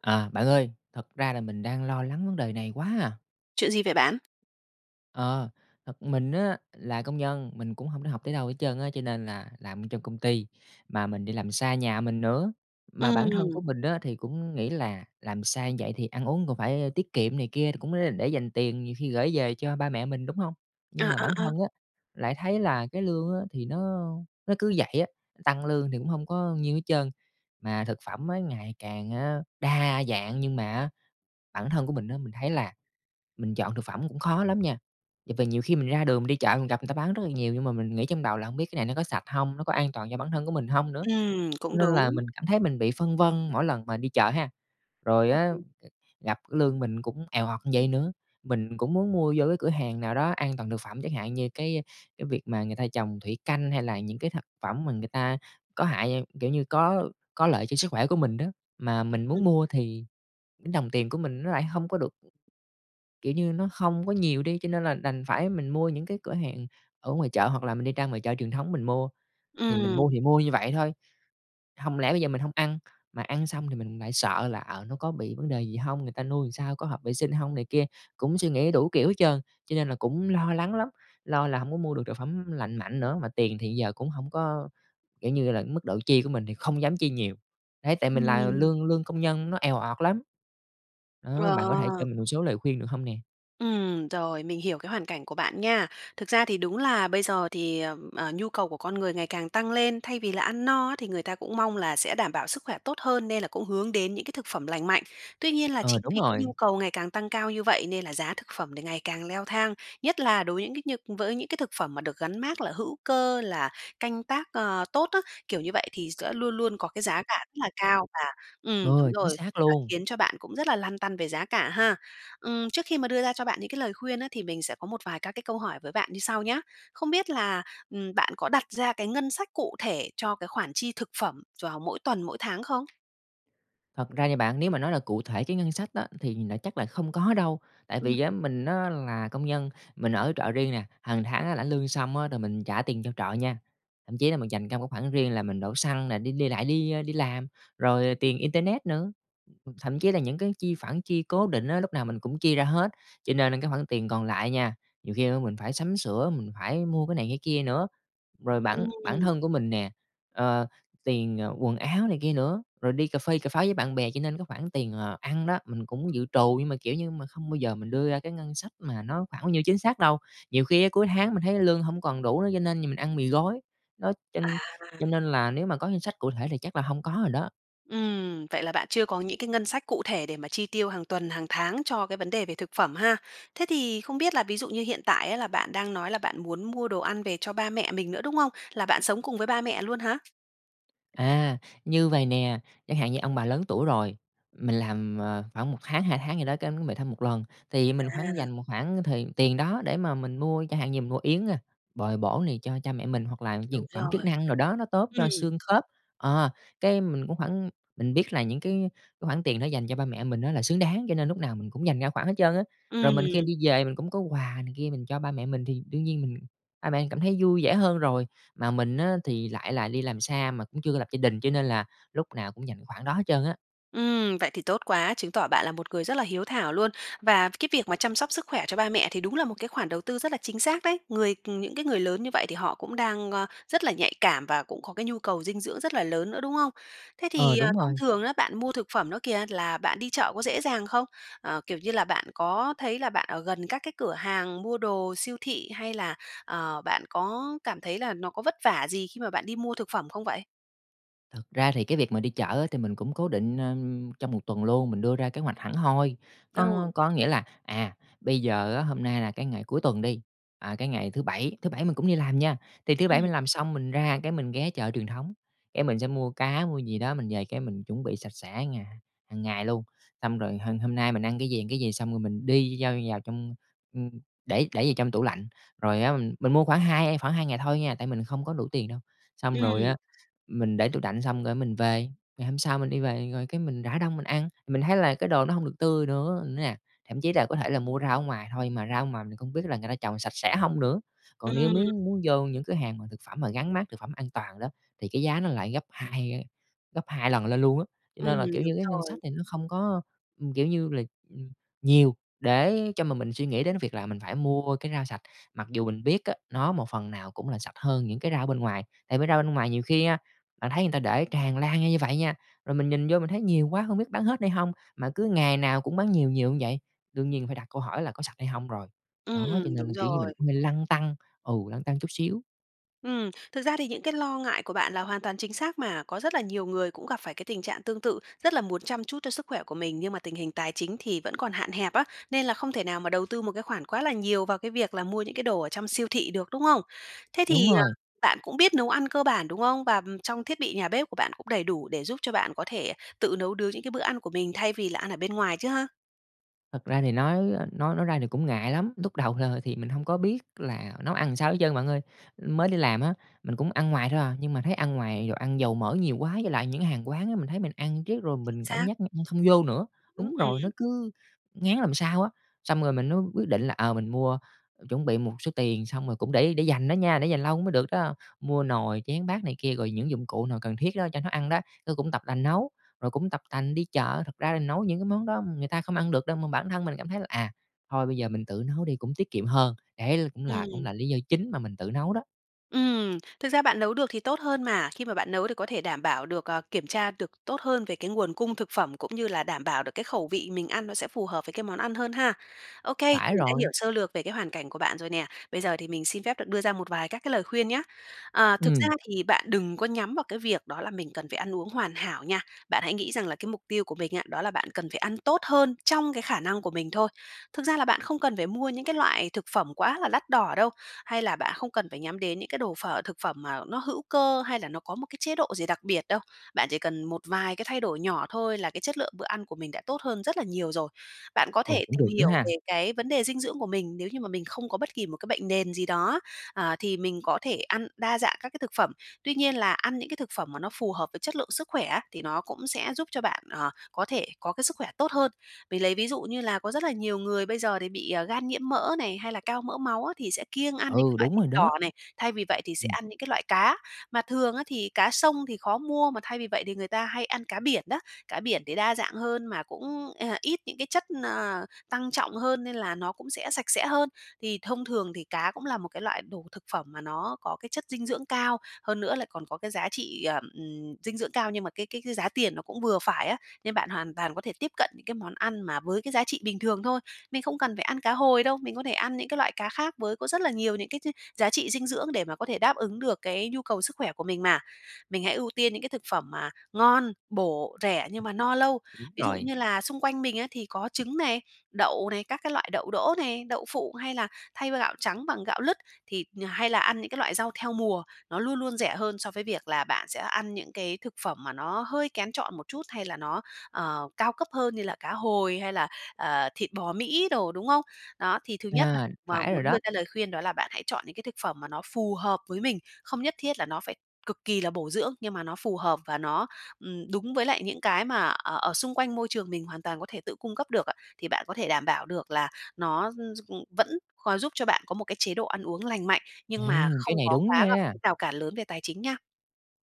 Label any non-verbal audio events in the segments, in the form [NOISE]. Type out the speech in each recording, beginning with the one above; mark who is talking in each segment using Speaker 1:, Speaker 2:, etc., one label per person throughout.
Speaker 1: À, bạn ơi, thật ra là mình đang lo lắng vấn đề này quá à!
Speaker 2: Chuyện gì vậy bạn?
Speaker 1: Ờ, thật mình á là công nhân, mình cũng hông để học tới đâu hết trơn á, cho nên là làm ở trong công ty mà mình đi làm xa nhà mình nữa. Mà bản thân của
Speaker 2: Ừm.
Speaker 1: mình á, thì cũng nghĩ là làm xa vậy thì ăn uống còn phải tiết kiệm này kia, thì cũng l để dành tiền nhiều khi gởi về cho ba mẹ mình, đúng hông? Nhưng
Speaker 2: À,
Speaker 1: mà bản
Speaker 2: à, à.
Speaker 1: thân á, lại thấy là cái lương á, thì nó nó cứ vậy á, tăng lương thì cũng hông có nhiêu hết trơn, mà thực phẩm á ngày càng á, đa dạng, nhưng mà á, bản thân của mình á, mình thấy là mình chọn thực phẩm cũng khó lắm nha. Tại vì nhiều khi mình ra đường mình đi chợ, mình gặp người ta bán rất là nhiều nhưng mà mình nghĩ trong đầu là hông biết cái này nó có sạch hông, nó có an toàn cho bản thân của mình hông nữa?
Speaker 2: Ừm,
Speaker 1: Cho
Speaker 2: cũng
Speaker 1: nên là
Speaker 2: đúng.
Speaker 1: mình cảm thấy mình bị phân vân mỗi lần mà đi chợ ha. Rồi
Speaker 2: A,
Speaker 1: á,
Speaker 2: ừm.
Speaker 1: gặp lương mình cũng èo ọt vậy nữa, mình cũng muốn mua vô cái cửa hàng nào đó an toàn thực phẩm chẳng hạn, như cái cái việc mà người ta trồng thủy canh, hay là những cái thật phẩm mà người ta có hại kiểu như, có có lợi cho sức khỏe của mình đó. Mà mình
Speaker 2: Ừm.
Speaker 1: muốn mua thì đồng tiền của mình nó lại hông có được, kiểu như nó không có nhiều đi, cho nên là đành phải mình mua những cái cửa hàng ở ngoài chợ, hoặc là mình đi ra ngoài chợ truyền thống mình mua. Thì mình mua
Speaker 2: Ừm.
Speaker 1: thì mua như vậy thôi, hông lẽ bây giờ mình hông ăn, mà ăn xong thì mình lại sợ là ờ, nó có bị vấn đề gì hông? Người ta nuôi làm sao, có hợp vệ sinh hông? Này kia, cũng suy nghĩ đủ kiểu hết trơn. Cho nên là cũng lo lắng lắm, lo là hông có mua được trà phẩm lành mạnh nữa, mà tiền thì giờ cũng hổng có, kiểu như là, cái mức độ chi của mình thì không dám chi nhiều. Đấy, tại mình là
Speaker 2: Ừm.
Speaker 1: lương lương công nhân nó èo ọt lắm. Đó,
Speaker 2: Ờ.
Speaker 1: bạn có thể cho mình một số lời khuyên được hông nè?
Speaker 2: Ừm, rồi, mình hiểu cái hoàn cảnh của bạn nha. Thực ra thì đúng là bây giờ thì, ờ, ờ, nhu cầu của con người ngày càng tăng lên, thay vì là ăn no á thì người ta cũng mong là sẽ đảm bảo sức khỏe tốt hơn, nên là cũng hướng đến những cái thực phẩm lành mạnh. Tuy nhiên là
Speaker 1: Ờ,
Speaker 2: chính
Speaker 1: đúng
Speaker 2: vì cái
Speaker 1: rồi.
Speaker 2: nhu cầu ngày càng tăng cao như vậy, nên là giá thực phẩm thì ngày càng leo thang, nhất là đối với những cái nh với những cái thực phẩm mà được gắn mác là hữu cơ, là canh tác, ờ, tốt á, kiểu như vậy, thì sẽ luôn luôn có cái giá cả rất là cao và
Speaker 1: M
Speaker 2: ừm,
Speaker 1: h
Speaker 2: đúng
Speaker 1: chính
Speaker 2: rồi,
Speaker 1: xác
Speaker 2: là
Speaker 1: luôn.
Speaker 2: khiến cho bạn cũng rất là lăn tăn về giá cả ha. Ừm, trước khi mà đưa ra cho bạn những cái lời khuyên á thì mình sẽ có một vài các cái câu hỏi với bạn như sau nhá. Không biết là, ừm, bạn có đặt ra cái ngân sách cụ thể cho cái khoản chi thực phẩm vào mỗi tuần, mỗi tháng không?
Speaker 1: Thật ra nha bạn, nếu mà nói là cụ thể cái ngân sách á, thì là chắc là không có đâu, tại
Speaker 2: Ừm.
Speaker 1: vì á, mình á, là công nhân, mình ở trọ riêng nè, hàng tháng á, lãnh lương xong á rồi mình trả tiền cho trọ nha, thậm chí là mình dành ra một cái khoản riêng là mình đổ xăng nè, đi đi lại đi, ơ, đi làm, rồi, ờ,
Speaker 2: [UNINTELLIGIBLE]
Speaker 1: tiền internet nữa. Thậm chí là những cái chi phản chi cố định á, lúc nào mình cũng chia ra hết, cho nên á cái hoảng tiền còn lại nha, nhiều khi á, mình phải sắm sửa, mình phải mua cái này cái kia nữa. Rồi bản bản
Speaker 2: [UNINTELLIGIBLE]
Speaker 1: thân của mình nè, ờ, tiền, ờ, quần áo này kia nữa, rồi đi cà phê cà pháo với bạn bè. Cho nên cái khoản tiền là ăn đó, mình cũng dự trù nhưng mà, kiểu như, mà không bao giờ mình đưa ra cái ngân sách mà nó khoảng bao nhiêu chính xác đâu, nhiều khi á, cuối tháng mình thấy lương hổng còn đủ nữa, cho nên nh mình ăn mì gói. Đó, cho
Speaker 2: À, à.
Speaker 1: cho nên là nếu mà có ngân sách cụ thể thì chắc là hông có rồi đó.
Speaker 2: Ừm, vậy là bạn chưa có những cái ngân sách cụ thể để mà chi tiêu hàng tuần, hàng tháng cho cái vấn đề về thực phẩm ha. Thế thì không biết là ví dụ như hiện tại á, là bạn đang nói là bạn muốn mua đồ ăn về cho ba mẹ mình nữa, đúng không? Là bạn sống cùng với ba mẹ luôn hả?
Speaker 1: À, như vầy nè, chẳng hạn như ông bà lớn tuổi rồi, mình làm, à, khoảng 1 tháng, 2 tháng gì đó cái về thăm 1 lần. Thì mình khoảng
Speaker 2: À.
Speaker 1: dành một khoảng thời tiền đó để mà mình mua, chẳng hạn như mình mua yến, ơ, bồi bổ này cho cha mẹ mình, hoặc là dược
Speaker 2: Đúng
Speaker 1: phẩm chức
Speaker 2: rồi.
Speaker 1: năng đồ đó, nó tốt cho
Speaker 2: Ừm.
Speaker 1: xương khớp. Ờ, cái mình cũng khoảng mình biết là những cái cái khoản tiền đó dành cho ba mẹ mình á là xứng đáng cho nên lúc nào mình cũng dành ra khoản hết trơn á. Rồi, mình khi mình
Speaker 2: Ừm.
Speaker 1: đi về mình cũng có quà này kia mình cho ba mẹ mình thì đương nhiên mình ba mẹ mình cảm thấy vui vẻ hơn rồi. Mà mình á, thì lại là đi làm xa mà cũng chưa có lập gia đình cho nên là lúc nào cũng dành cái khoản đó hết trơn á.
Speaker 2: Ừm, vậy thì tốt quá, chứng tỏ bạn là một người rất là hiếu thảo luôn và cái việc mà chăm sóc sức khỏe cho ba mẹ thì đúng là một cái khoản đầu tư rất là chính xác đấy. Người ừm, những cái người lớn như vậy thì họ cũng đang, a, rất là nhạy cảm và cũng có cái nhu cầu dinh dưỡng rất là lớn nữa, đúng không? Thế
Speaker 1: Ờ,
Speaker 2: thì,
Speaker 1: đúng
Speaker 2: à, thông
Speaker 1: rồi.
Speaker 2: thường á bạn mua thực phẩm đó kìa, là bạn đi chợ có dễ dàng không? À, kiểu như là, bạn có thấy là bạn ở gần các cái cửa hàng mua đồ siêu thị hay là, à, bạn có cảm thấy là nó có vất vả gì khi mà bạn đi mua thực phẩm không vậy?
Speaker 1: Thực ra thì cái việc mà đi chợ á, thì mình cũng cố định, ưm, trong 1 tuần luôn, mình đưa ra kế hoạch hẳn hoi. Có
Speaker 2: Ừ.
Speaker 1: có nghĩa là, à, bây giờ á, hôm nay là cái ngày cuối tuần đi, à, cái ngày thứ Bảy, thứ Bảy mình cũng đi làm nha, thì thứ Bảy
Speaker 2: Ừm.
Speaker 1: mình làm xong mình ra, cái, mình ghé chợ truyền thống, cái, mình sẽ mua cá, mua gì đó mình về, cái, mình chuẩn bị sạch sẽ ngà hàng ngày luôn, xong rồi h hôm nay mình ăn cái gì, ăn cái gì xong rồi mình đi giao vào trong, ừm, để để vào trong tủ lạnh, rồi á mình mình mua khoảng hai khoảng 2 ngày thôi nha, tại mình không có đủ tiền đâu. Xong rồi
Speaker 2: Ừm.
Speaker 1: á, mình để tủ lạnh xong, cái, mình về, ngày hôm sau mình đi về rồi, cái, mình rã đông mình ăn, mình thấy là cái đồ nó hông được tươi nữa nè. Thậm chí là có thể là mua rau ở ngoài thôi, mà rau ở ngoài mình không biết là người ta trồng sạch sẽ hông nữa. Còn nếu mếu
Speaker 2: Ừm.
Speaker 1: muốn vô những cửa hàng mà thực phẩm mà gắn mác thực phẩm an toàn đó, thì cái giá nó lại gấp 2, ơ, gấp 2 lần lên luôn á. Cho
Speaker 2: Ừm,
Speaker 1: nên là, kiểu
Speaker 2: đúng
Speaker 1: như, cái ngân sách
Speaker 2: rồi.
Speaker 1: thì nó không có, ừm, kiểu như là, ừm, nhiều để cho mà mình suy nghĩ đến cái việc là mình phải mua cái rau sạch, mặc dù mình biết á, nó một phần nào cũng là sạch hơn những cái rau ở bên ngoài, tại bởi rau bên ngoài nhiều khi á, bạn thấy người ta để tràn lan ra như vậy nha, rồi mình nhìn vô mình thấy nhiều quá hông biết bán hết hay hông, mà cứ ngày nào cũng bán nhiều nhiều như vậy, đương nhiên phải đặt câu hỏi là có sạch hay hông rồi.
Speaker 2: Ừm,
Speaker 1: Đó, cho nên
Speaker 2: đúng
Speaker 1: là, kiểu như, mình
Speaker 2: rồi.
Speaker 1: cũng hơi lăn tăn, ừ, lăn tăn chút xíu.
Speaker 2: Ừm, thực ra thì những cái lo ngại của bạn là hoàn toàn chính xác mà. Có rất là nhiều người cũng gặp phải cái tình trạng tương tự, rất là muốn chăm chút cho sức khỏe của mình, nhưng mà tình hình tài chính thì vẫn còn hạn hẹp á, nên là không thể nào mà đầu tư một cái khoản quá là nhiều vào cái việc là mua những cái đồ ở trong siêu thị được, đúng không? Thế thì,
Speaker 1: Đúng
Speaker 2: ờ,
Speaker 1: rồi.
Speaker 2: bạn cũng biết nấu ăn cơ bản, đúng không? Và, ừm, trong thiết bị nhà bếp của bạn cũng đầy đủ để giúp cho bạn có thể tự nấu nướng những cái bữa ăn của mình thay vì là ăn ở bên ngoài chứ ha?
Speaker 1: Thật ra thì nói, a, nói nói ra thì cũng ngại lắm, lúc đầu, ờ, thì mình hông có biết là nấu ăn sao hết trơn bạn ơi. Mới đi làm á, mình cũng ăn ngoài thôi à, nhưng mà thấy ăn ngoài đồ ăn dầu mỡ nhiều quá, với lại những hàng quán á mình thấy mình ăn riết rồi
Speaker 2: Chính
Speaker 1: mình cảm
Speaker 2: xác.
Speaker 1: giác nh như không vô nữa.
Speaker 2: Ưm,
Speaker 1: Đúng rồi, nó
Speaker 2: ừm.
Speaker 1: cứ ngán làm sao á, xong rồi mình mới quyết định là, ờ, mình mua, chuẩn bị một số tiền, xong rồi cũng để để dành đó nha, để dành lâu mới được đó, mua nồi chén bát này kia, rồi những dụng cụ nào cần thiết đó, cho nấu ăn đó. Ư, cũng tập tành nấu, rồi cũng tập tành đi chợ. Thật ra là nấu những cái món đó người ta không ăn được đâu, mà bản thân mình cảm thấy là, à, thôi bây giờ mình tự nấu đi cũng tiết kiệm hơn. Ấy, l cũng là cũng
Speaker 2: Ừm.
Speaker 1: là lý do chính mà mình tự nấu đó.
Speaker 2: Ừm, thực ra bạn nấu được thì tốt hơn mà. Khi mà bạn nấu thì có thể đảm bảo được, ờ, kiểm tra được tốt hơn về cái nguồn cung thực phẩm, cũng như là đảm bảo được cái khẩu vị mình ăn nó sẽ phù hợp với cái món ăn hơn ha. Ô kê,
Speaker 1: Phải
Speaker 2: mình đã
Speaker 1: rồi.
Speaker 2: hiểu sơ lược về cái hoàn cảnh của bạn rồi nè. Bây giờ thì mình xin phép được đưa ra một vài các cái lời khuyên nhá. Ờ, thực ra
Speaker 1: Ừm.
Speaker 2: thì bạn đừng có nhắm vào cái việc đó là mình cần phải ăn uống hoàn hảo nha. Bạn hãy nghĩ rằng là cái mục tiêu của mình á, đó là bạn cần phải ăn tốt hơn trong cái khả năng của mình thôi. Thực ra là bạn không cần phải mua những cái loại thực phẩm quá là đắt đỏ đâu, hay là bạn không cần phải nhắm đến những cái đồ phở, thực phẩm mà nó hữu cơ, hay là nó có một cái chế độ gì đặc biệt đâu, bạn chỉ cần một vài cái thay đổi nhỏ thôi, là cái chất lượng bữa ăn của mình đã tốt hơn rất là nhiều rồi. Bạn có
Speaker 1: Ồ,
Speaker 2: thể
Speaker 1: cũng
Speaker 2: tìm
Speaker 1: được nữa
Speaker 2: hiểu
Speaker 1: ha.
Speaker 2: về cái vấn đề dinh dưỡng của mình, nếu như mà mình không có bất kỳ một cái bệnh nền gì đó á, ờ, thì mình có thể ăn đa dạng các cái thực phẩm, tuy nhiên là ăn những cái thực phẩm mà nó phù hợp với chất lượng sức khỏe á, thì nó cũng sẽ giúp cho bạn, ờ, có thể có cái sức khỏe tốt hơn. Mình lấy ví dụ như là có rất là nhiều người bây giờ thì bị, ờ, gan nhiễm mỡ này, hay là cao mỡ máu á thì sẽ kiêng ăn những cái
Speaker 1: Ừ,
Speaker 2: loại
Speaker 1: đúng
Speaker 2: thịt
Speaker 1: rồi đó.
Speaker 2: đỏ này, thay vì vậy thì sẽ
Speaker 1: Ừm.
Speaker 2: ăn những cái loại cá, mà thường á thì cá sông thì khó mua mà thay vì vậy thì người ta hay ăn cá biển đó. Cá biển thì đa dạng hơn mà cũng, a, ít những cái chất, ờ, tăng trọng hơn, nên là nó cũng sẽ sạch sẽ hơn. Thì thông thường thì cá cũng là một cái loại đồ thực phẩm mà nó có cái chất dinh dưỡng cao, hơn nữa lại còn có cái giá trị, ờ, ừm, dinh dưỡng cao, nhưng mà cái cái cái giá tiền nó cũng vừa phải á. Nên bạn hoàn toàn có thể tiếp cận những cái món ăn mà với cái giá trị bình thường thôi. Mình không cần phải ăn cá hồi đâu, mình có thể ăn những cái loại cá khác với có rất là nhiều những cái ch giá trị dinh dưỡng để mà có thể đáp ứng được cái nhu cầu sức khỏe của mình mà. Mình hãy ưu tiên những cái thực phẩm mà ngon, bổ, rẻ, nhưng mà no lâu.
Speaker 1: Đúng
Speaker 2: Ví dụ
Speaker 1: rồi.
Speaker 2: như là xung quanh mình á thì có trứng này, đậu này, các cái loại đậu đỗ này, đậu phụ, hay là thay gạo trắng bằng gạo lứt thì, nh hay là ăn những cái loại rau theo mùa, nó luôn luôn rẻ hơn so với việc là bạn sẽ ăn những cái thực phẩm mà nó hơi kén chọn một chút, hay là nó, ờ, cao cấp hơn như là cá hồi hay là, ờ, thịt bò Mỹ đồ, đúng không? Đó, thì thứ nhất là
Speaker 1: À,
Speaker 2: mà
Speaker 1: phải rồi
Speaker 2: muốn đưa
Speaker 1: đó.
Speaker 2: ra lời khuyên, đó là bạn hãy chọn những cái thực phẩm mà nó phù hợp với mình, không nhất thiết là nó phải cực kỳ là bổ dưỡng, nhưng mà nó phù hợp và nó, ừm, đúng với lại những cái mà, ờ, ở xung quanh môi trường mình hoàn toàn có thể tự cung cấp được á, thì bạn có thể đảm bảo được là nó, ưm, s ừm, vẫn có giúp cho bạn có một cái chế độ ăn uống lành mạnh,
Speaker 1: Ê,
Speaker 2: nhưng mà không
Speaker 1: cái này
Speaker 2: có
Speaker 1: đúng
Speaker 2: quá gặp
Speaker 1: nha!
Speaker 2: cái rào cản lớn về tài chính nha.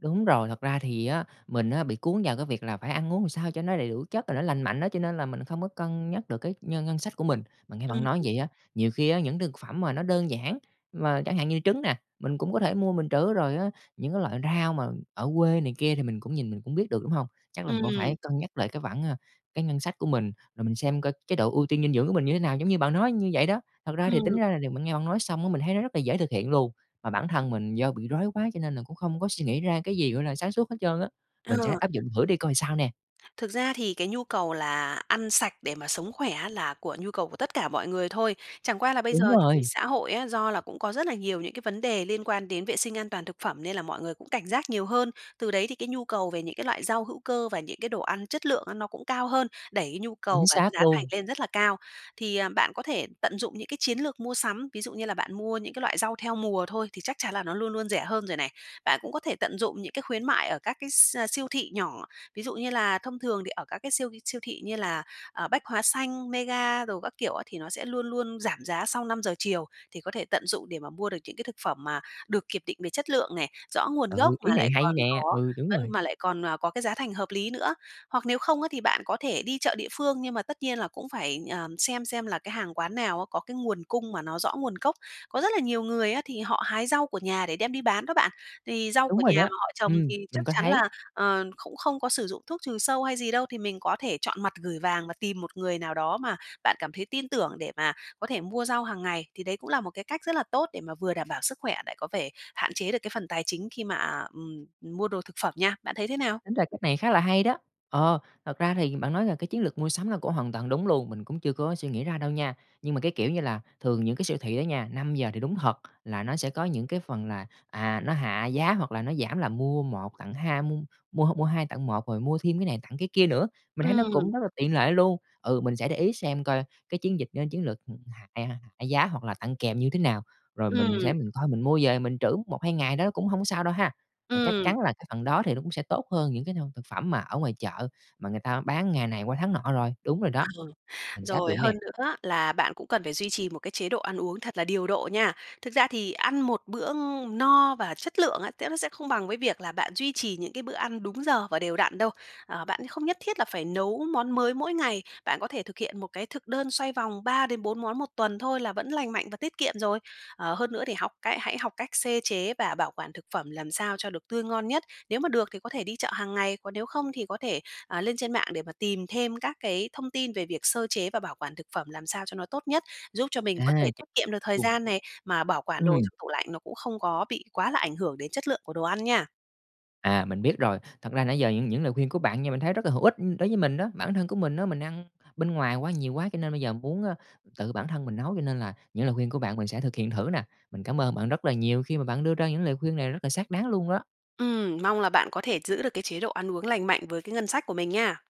Speaker 1: Đúng rồi, thật ra thì á mình á bị cuốn vào cái việc là phải ăn uống làm sao cho nó đầy đủ chất rồi nó lành mạnh á, cho nên là mình không có cân nhắc được cái nhân ngân sách của mình. Mà nghe
Speaker 2: Ưm,
Speaker 1: bạn nói như
Speaker 2: ừm.
Speaker 1: vậy á, nhiều khi á, những thực phẩm mà nó đơn giản, mà chẳng hạn như trứng nè, mình cũng có thể mua mình trữ, rồi á những cái loại rau mà ở quê này kia thì mình cũng nhìn mình cũng biết được, đúng hông? Chắc là mình cũng phải
Speaker 2: Ừm.
Speaker 1: cân nhắc lại cái khoản, a cái ngân sách của mình, rồi mình xem coi chế độ ưu tiên dinh dưỡng của mình như thế nào, giống như bạn nói như vậy đó. Thật ra thì tính
Speaker 2: Ừm.
Speaker 1: ra là điều mình nghe bạn nói xong á, mình thấy nó rất là dễ thực hiện luôn, mà bản thân mình do bị rối quá cho nên là cũng không có suy nghĩ ra cái gì, gọi là, sáng suốt hết trơn á. Mình sẽ
Speaker 2: Ờ.
Speaker 1: áp dụng thử đi coi sao nè.
Speaker 2: Thực ra thì cái nhu cầu là ăn sạch để mà sống khỏe á là của nhu cầu của tất cả mọi người thôi. Chẳng qua là bây
Speaker 1: Đúng
Speaker 2: giờ thì
Speaker 1: rồi.
Speaker 2: xã hội á, do là cũng có rất là nhiều những cái vấn đề liên quan đến vệ sinh an toàn thực phẩm, nên là mọi người cũng cảnh giác nhiều hơn. Từ đấy thì cái nhu cầu về những cái loại rau hữu cơ và những cái đồ ăn chất lượng á nó cũng cao hơn, đẩy cái nhu
Speaker 1: Chính
Speaker 2: cầu và cái
Speaker 1: xác
Speaker 2: giá thành
Speaker 1: luôn.
Speaker 2: lên rất là cao. Thì, à, bạn có thể tận dụng những cái chiến lược mua sắm, ví dụ như là bạn mua những cái loại rau theo mùa thôi thì chắc chắn là nó luôn luôn rẻ hơn rồi này. Bạn cũng có thể tận dụng những cái khuyến mại ở các cái s siêu thị nhỏ. Ví dụ như là thông thường thì ở các cái siêu ghi siêu thị như là, ờ, Bách Hóa Xanh, Mega đồ các kiểu á thì nó sẽ luôn luôn giảm giá sau 5:00 chiều, thì có thể tận dụng để mà mua được những cái thực phẩm mà được kiểm định về chất lượng này, rõ nguồn gốc
Speaker 1: Ừ, ý
Speaker 2: mà
Speaker 1: này
Speaker 2: lại
Speaker 1: hay
Speaker 2: còn
Speaker 1: nè,
Speaker 2: có
Speaker 1: ừ, đúng
Speaker 2: vẫn
Speaker 1: rồi.
Speaker 2: mà lại còn, à, có cái giá thành hợp lý nữa. Hoặc nếu không á thì bạn có thể đi chợ địa phương, nhưng mà tất nhiên là cũng phải, ờ, xem xem là cái hàng quán nào á, có cái nguồn cung mà nó rõ nguồn gốc. Có rất là nhiều người á thì họ hái rau của nhà để đem đi bán đó bạn, thì rau
Speaker 1: Đúng
Speaker 2: của
Speaker 1: rồi
Speaker 2: nhà
Speaker 1: đó,
Speaker 2: mà họ trồng
Speaker 1: ừm,
Speaker 2: thì chắc
Speaker 1: mình có
Speaker 2: chắn
Speaker 1: thấy.
Speaker 2: là, ờ, cũng không có sử dụng thuốc trừ sâu hay gì đâu, thì mình có thể chọn mặt gửi vàng và tìm một người nào đó mà bạn cảm thấy tin tưởng để mà có thể mua rau hàng ngày. Thì đấy cũng là một cái cách rất là tốt để mà vừa đảm bảo sức khỏe lại có thể hạn chế được cái phần tài chính khi mà, à, ừm, mua đồ thực phẩm nha. Bạn thấy thế nào?
Speaker 1: Tính ra cách này khá là hay đó. Ờ, thật ra thì bạn nói là cái chiến lược mua sắm là cũng hoàn toàn đúng luôn, mình cũng chưa có suy nghĩ ra đâu nha. Nhưng mà cái kiểu như là thường những cái siêu thị á nha, 5:00 thì đúng thật là nó sẽ có những cái phần là, à, nó hạ giá hoặc là nó giảm là mua 1 tặng hai mua mua h mua 2 tặng 1, rồi mua thêm cái này tặng cái kia nữa. Mình thấy nó
Speaker 2: Ừm.
Speaker 1: cũng rất là tiện lợi luôn. Ừ, mình sẽ để ý xem coi cái chiến dịch a, chiến lược h hạ, à, hạ giá hoặc là tặng kèm như thế nào, rồi mình sẽ
Speaker 2: Ừm.
Speaker 1: mình coi mình mua về mình trữ 1-2 ngày đó cũng hông sao đâu ha. Mà chắc
Speaker 2: Ừm.
Speaker 1: chắn là cái phần đó thì nó cũng sẽ tốt hơn những cái [UNINTELLIGIBLE] thực phẩm mà ở ngoài chợ mà người ta bán ngày này qua tháng nọ rồi, đúng rồi đó,
Speaker 2: A, ừ,
Speaker 1: mình sẽ áp
Speaker 2: rồi,
Speaker 1: dụng nè.
Speaker 2: hơn nữa á là bạn cũng cần phải duy trì một cái chế độ ăn uống thật là điều độ nha. Thực ra thì ăn một bữa ng no và chất lượng á sẽ v sẽ không bằng với việc là bạn duy trì những cái bữa ăn đúng giờ và đều đặn đâu. À, bạn thì không nhất thiết là phải nấu món mới mỗi ngày, bạn có thể thực hiện một cái thực đơn xoay vòng 3-4 món 1 tuần thôi là vẫn lành mạnh và tiết kiệm rồi. Ờ, hơn nữa thì học cái hãy học cách xê chế và bảo quản thực phẩm làm sao cho được tươi ngon nhất. Nếu mà được thì có thể đi chợ hàng ngày, còn nếu không thì có thể, à, lên trên mạng để mà tìm thêm các cái thông tin về việc sơ chế và bảo quản thực phẩm làm sao cho nó tốt nhất, giúp cho mình
Speaker 1: À.
Speaker 2: có thể
Speaker 1: Chính
Speaker 2: tiết kiệm
Speaker 1: xác
Speaker 2: được thời
Speaker 1: luôn.
Speaker 2: gian này, mà bảo quản đồ
Speaker 1: Ừm.
Speaker 2: trong tủ lạnh nó cũng không có bị quá là ảnh hưởng đến chất lượng của đồ ăn nha.
Speaker 1: À, mình biết rồi, thật ra nãy giờ những những lời khuyên của bạn nha, mình thấy rất là hữu ích, ưm, đối với mình đó. Bản thân của mình đó, mình ăn bên ngoài quá nhiều quá cho nên bây giờ muốn, a, tự bản thân mình nấu, cho nên là những lời khuyên của bạn mình sẽ thực hiện thử nè. Mình cảm ơn bạn rất là nhiều khi mà bạn đưa ra những lời khuyên này rất là xác đáng luôn đó.
Speaker 2: Ừm, mong là bạn có thể giữ được cái chế độ ăn uống lành mạnh với cái ngân sách của mình nha.